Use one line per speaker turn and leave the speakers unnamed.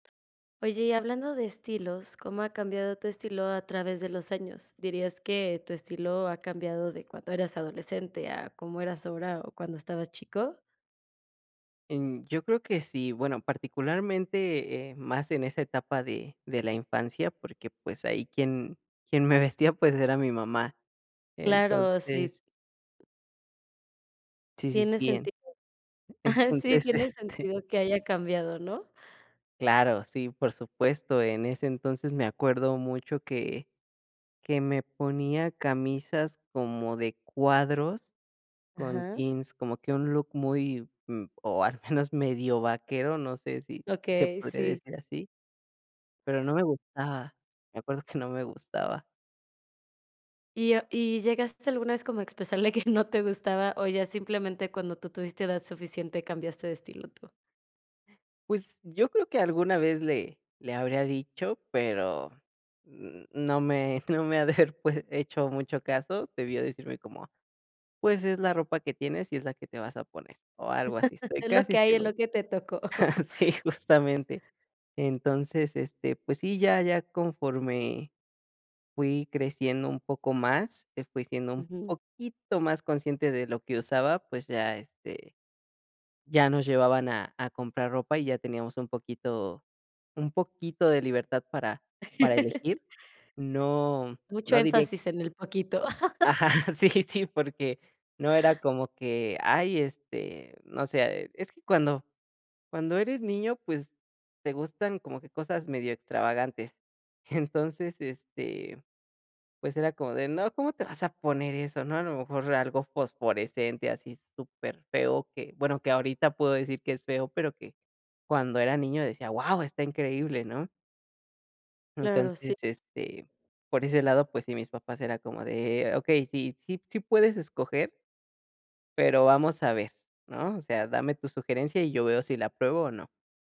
Oye, y hablando de estilos, ¿cómo ha cambiado tu estilo a través de los años? ¿Dirías que tu estilo ha cambiado de cuando eras adolescente a como eras ahora, o, cuando estabas chico?
Em, yo creo que sí, bueno, particularmente, eh, más en esa etapa de de la infancia, porque, pues, ahí quien quien me vestía, pues era mi mamá.
Claro, sí.
Entonces Sí, sí,
Tiene
sí. En
sentido. Ajá, sí
entonces,
tiene
este
sentido que haya cambiado, ¿no?
Claro, sí, por supuesto, en ese entonces me acuerdo mucho que que me ponía camisas como de cuadros, con
Ajá.
jeans. Como que un look muy, mm, o, al menos medio vaquero, no sé si si se
Okey,
podría
sí.
decir así. Pero no me gustaba, me acuerdo que no me gustaba.
¿Y y llegaste alguna vez como a expresarle que no te gustaba, o, ya simplemente cuando tú tuviste edad suficiente cambiaste de estilo tú?
Pues, yo creo que alguna vez le le habría dicho, pero n no me me ha de haber pu hecho mucho caso. Debió decirme como: “Pues es la ropa que tienes, y es la que te vas a poner”, o algo así, estoy
Es lo
casi
que hay, es
seguro.
lo que te tocó.
Sí, justamente. Entonces, este, pues sí, ya ya conforme fui creciendo un poco más, que fui siendo un
Ujú.
poquito más consciente de lo que usaba, pues ya, este, ya nos llevaban a a comprar ropa y ya teníamos un poquito un poquito de libertad para para elegir. No
Mucho
no diré
énfasis en el poquito.
Ajá, sí, sí, porque no era como que, ay, este, no sé. Es que cuando cuando eres niño, pues, te gustan como que cosas medio extravagantes. Entonces, este, pues era como de: “No, ¿cómo te vas a poner eso?", ¿no? A lo mejor era algo fosforescente, así super feo, que, bueno, que ahorita puedo decir que es feo, pero que cuando era niño decía: “Guau, está increíble", ¿no?
Claro, sí.
Entonces, este, por ese lado, pues sí, mis papás era como de: “Okey, sí, sí, sí puedes escoger pero vamos a ver" ¿no? O sea, dame tu sugerencia y yo veo si la pruebo, o, no.